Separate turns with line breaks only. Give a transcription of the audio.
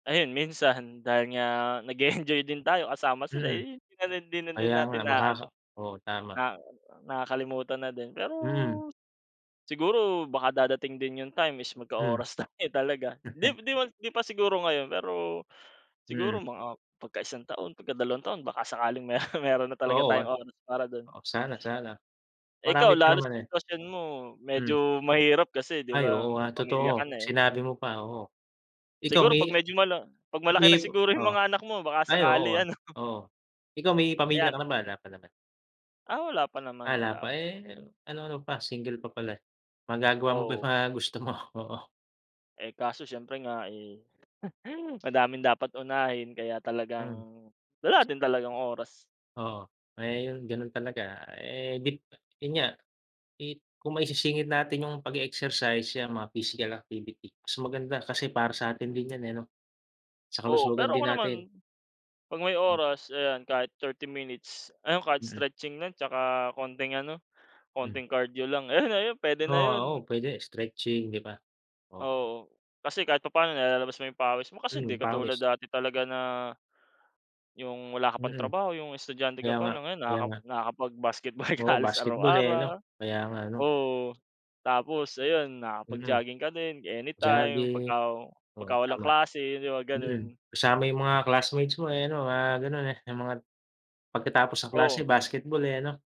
Ayun minsan dahil nga nag-e-enjoy din tayo kasama sila
Mm.
eh 'di na din hindi na din
Kaya nga,
natin na-aano.
makaka oo tama.
Na nakakalimutan na din pero,
Mhm.
siguro baka darating din yung time is
Hmm.
magka-oras tayo talaga, di di pa di pa siguro ngayon pero siguro
Hmm.
mga pagka-isang taon, pagka-dalawang taon baka sakaling meron meron na talaga
Oo, ah.
tayong oras para dun.
Oh sana sana.
Eh ikaw
Marami pa
lalo
naman
sa
eh.
sitwasyon mo,
Hmm.
medyo mahirap kasi 'di
Ay
ba
oo nga
may pamilya
totoo,
ka na eh.
sinabi mo pa, oo. Ikaw
Siguro pag
may
medyo mala pag malaki na
may pa
siguro yung
oh?
mga anak mo baka
Ay
sakali
oo, ah,
ano.
oo. Ikaw may pamilya
Ayan.
ka naman? Wala pa naman.
Ah, wala pa naman,
Ah, la
wala
pa,
pa.
eh ano-ano pa single pa pala eh. Magagawa mo pa yung
Oo.
mga gusto mo, oo.
Eh kaso siyempre nga eh, madaming dapat unahin kaya talagang
Mm.
wala din talagang oras.
Oo. Ayun ganun talaga. Eh gin yun nga, eh, kung maisisingit natin yung pag-e-exercise 'yang mga physical activity, mas maganda kasi para sa atin din yan eh, 'no? Sa
Oo
kalusugan
pero
din
ako naman,
natin.
pag may oras ayan, kahit 30 minutes, ayun kahit
Mm.
stretching lang tsaka konting ano,
Mm.
konting cardio lang ayun ayun pwede na
Ah,
yun.
oo pwede. Stretching, 'di ba? O
Oo. Kasi kahit papaano nilalabas mo yung pawis mo kasi hindi
Mm,
katulad
pawis.
dati talaga na, yung wala ka pang
Mm.
trabaho, yung estudyante ka
Kaya
pa
nga,
lang, ngayon
kaya
nakaka
nga.
nakakapag basketball ka
Oo
halos
basketball eh, ano?
araw-araw.
Kaya nga 'no.
Oo. Tapos ayun,
Mhm.
nakakapag-jogging ka din anytime
Jogging,
pagka
oo
pagka-walang
tama.
klase, 'di ba
Mhm.
ganun.
Kasama yung mga classmates mo eh ano mga ganon eh yung mga pagkatapos ng klase
Oo.
basketball eh, ano?